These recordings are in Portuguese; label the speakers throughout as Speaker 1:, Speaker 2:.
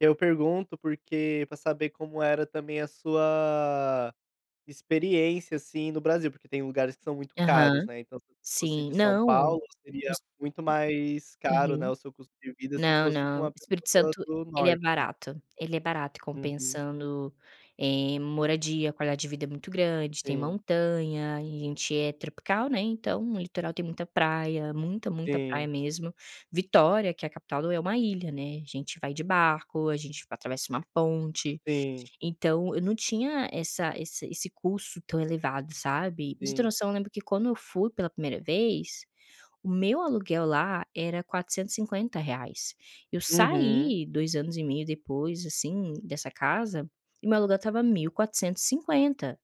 Speaker 1: Eu pergunto, porque para saber como era também a sua experiência, assim, no Brasil, porque tem lugares que são muito
Speaker 2: Aham.
Speaker 1: caros, né, então se fosse
Speaker 2: Sim
Speaker 1: de São
Speaker 2: não.
Speaker 1: Paulo seria
Speaker 2: Nos
Speaker 1: muito mais caro, né,
Speaker 2: Uhum.
Speaker 1: o seu custo de vida se
Speaker 2: Não,
Speaker 1: fosse com
Speaker 2: não. O
Speaker 1: a
Speaker 2: Espírito
Speaker 1: pessoa
Speaker 2: Santo,
Speaker 1: do
Speaker 2: ele é
Speaker 1: norte.
Speaker 2: barato. Ele é barato,
Speaker 1: Uhum.
Speaker 2: compensando em moradia. A qualidade de vida é muito grande, tem
Speaker 1: Sim.
Speaker 2: montanha, e a gente é tropical, né, então o litoral tem muita praia, muita, muita praia
Speaker 1: Sim.
Speaker 2: mesmo. Vitória, que é a capital do é uma ilha, né, a gente vai de barco, a gente atravessa uma ponte.
Speaker 1: Sim.
Speaker 2: Então eu não tinha essa esse esse custo tão elevado, sabe. Para você ter
Speaker 1: Sim.
Speaker 2: noção, lembro que quando eu fui pela primeira vez, o meu aluguel lá era R$450,00. Eu
Speaker 1: Uhum.
Speaker 2: saí 2 anos e meio depois, assim, dessa casa, e meu aluguel estava R$1.450,00.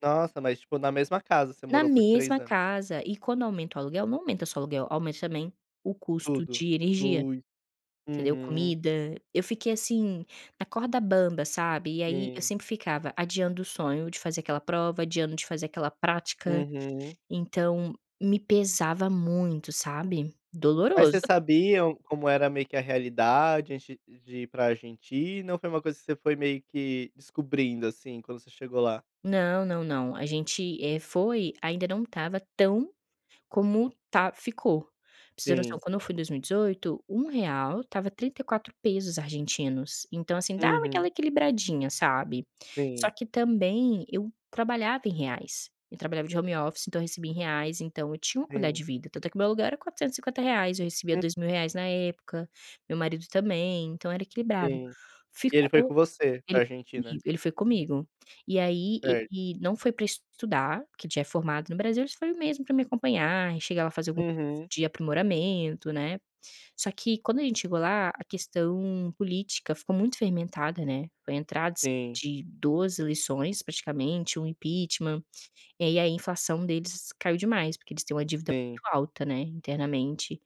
Speaker 1: Nossa, mas, tipo, na mesma casa você
Speaker 2: Na
Speaker 1: morou por 3
Speaker 2: mesma
Speaker 1: anos.
Speaker 2: casa. E quando aumenta o aluguel, não aumenta só aluguel, aumenta também o custo
Speaker 1: Tudo
Speaker 2: de energia,
Speaker 1: flui.
Speaker 2: entendeu,
Speaker 1: Uhum.
Speaker 2: comida. Eu fiquei assim, na corda bamba, sabe, e aí eu
Speaker 1: Sim.
Speaker 2: sempre ficava adiando o sonho de fazer aquela prova, adiando de fazer aquela prática,
Speaker 1: Uhum.
Speaker 2: então me pesava muito, sabe.
Speaker 1: Mas
Speaker 2: Doloroso.
Speaker 1: vocês sabiam como era meio que a realidade antes de ir de ir para Argentina, ou foi uma coisa que você foi meio que descobrindo, assim, quando você chegou lá?
Speaker 2: Não, não, não. A gente, eh, foi ainda não estava tão como tá ficou. Para vocês terem noção,
Speaker 1: Sim.
Speaker 2: quando eu fui em 2018, R$1,00 estava 34,00 ARS. Então assim, dava aquela
Speaker 1: Uhum.
Speaker 2: equilibradinha, sabe. Só
Speaker 1: Sim.
Speaker 2: que também eu trabalhava em reais. Eu trabalhava de home office, então recebia em reais, então eu tinha uma qualidade
Speaker 1: Sim.
Speaker 2: de vida, tanto é que o meu aluguel era R$450,00, eu recebia
Speaker 1: Hum.
Speaker 2: R$2.000,00 na época, meu marido também, então era equilibrado.
Speaker 1: Sim. E ele foi com
Speaker 2: Ficou
Speaker 1: você
Speaker 2: ele
Speaker 1: para a
Speaker 2: foi
Speaker 1: Argentina.
Speaker 2: comigo ele foi comigo. E aí
Speaker 1: Certo.
Speaker 2: ele não foi para estudar, porque já é formado no Brasil, ele só foi mesmo para me acompanhar, e chegar lá e fazer algum
Speaker 1: Uhum.
Speaker 2: de aprimoramento, né. Só que quando a gente chegou lá, a questão política ficou muito fermentada, né. Foi a entrada s
Speaker 1: Sim.
Speaker 2: de 2 eleições, praticamente, um impeachment. E aí a inflação deles caiu demais, porque eles têm uma dívida
Speaker 1: Sim.
Speaker 2: muito alta, né, internamente.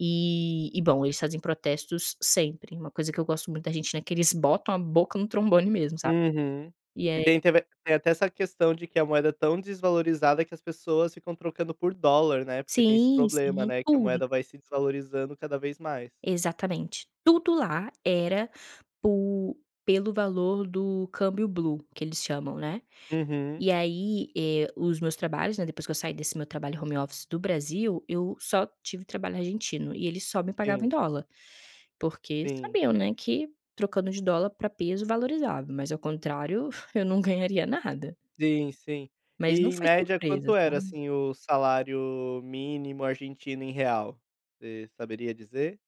Speaker 2: E e, bom, eles fazem protestos sempre, uma coisa que eu gosto muito da Argentina é que eles botam a boca no trombone mesmo, sabe.
Speaker 1: Uhum.
Speaker 2: E
Speaker 1: E
Speaker 2: aí
Speaker 1: tem até v tem até essa questão de que a moeda é tão desvalorizada que as pessoas ficam trocando por dólar, né, porque tem esse
Speaker 2: Sim, sim.
Speaker 1: problema,
Speaker 2: Em
Speaker 1: né, que a
Speaker 2: tudo.
Speaker 1: moeda vai se desvalorizando cada vez mais.
Speaker 2: Exatamente. Tudo lá era por pelo valor do câmbio blue, que eles chamam, né.
Speaker 1: Uhum.
Speaker 2: E aí, eh, os meus trabalhos, né, depois que eu saí desse meu trabalho home office, do Brasil, eu só tive trabalho argentino, e eles só me pagavam em
Speaker 1: Sim.
Speaker 2: dólar, porque
Speaker 1: Sim.
Speaker 2: sabiam, né, que trocando de dólar para peso valorizava, mas ao contrário eu não ganharia nada.
Speaker 1: Sim, sim.
Speaker 2: Mas
Speaker 1: E
Speaker 2: não
Speaker 1: em
Speaker 2: foi
Speaker 1: média
Speaker 2: surpresa,
Speaker 1: quanto era,
Speaker 2: sabe.
Speaker 1: assim, o salário mínimo argentino em real? Você saberia dizer?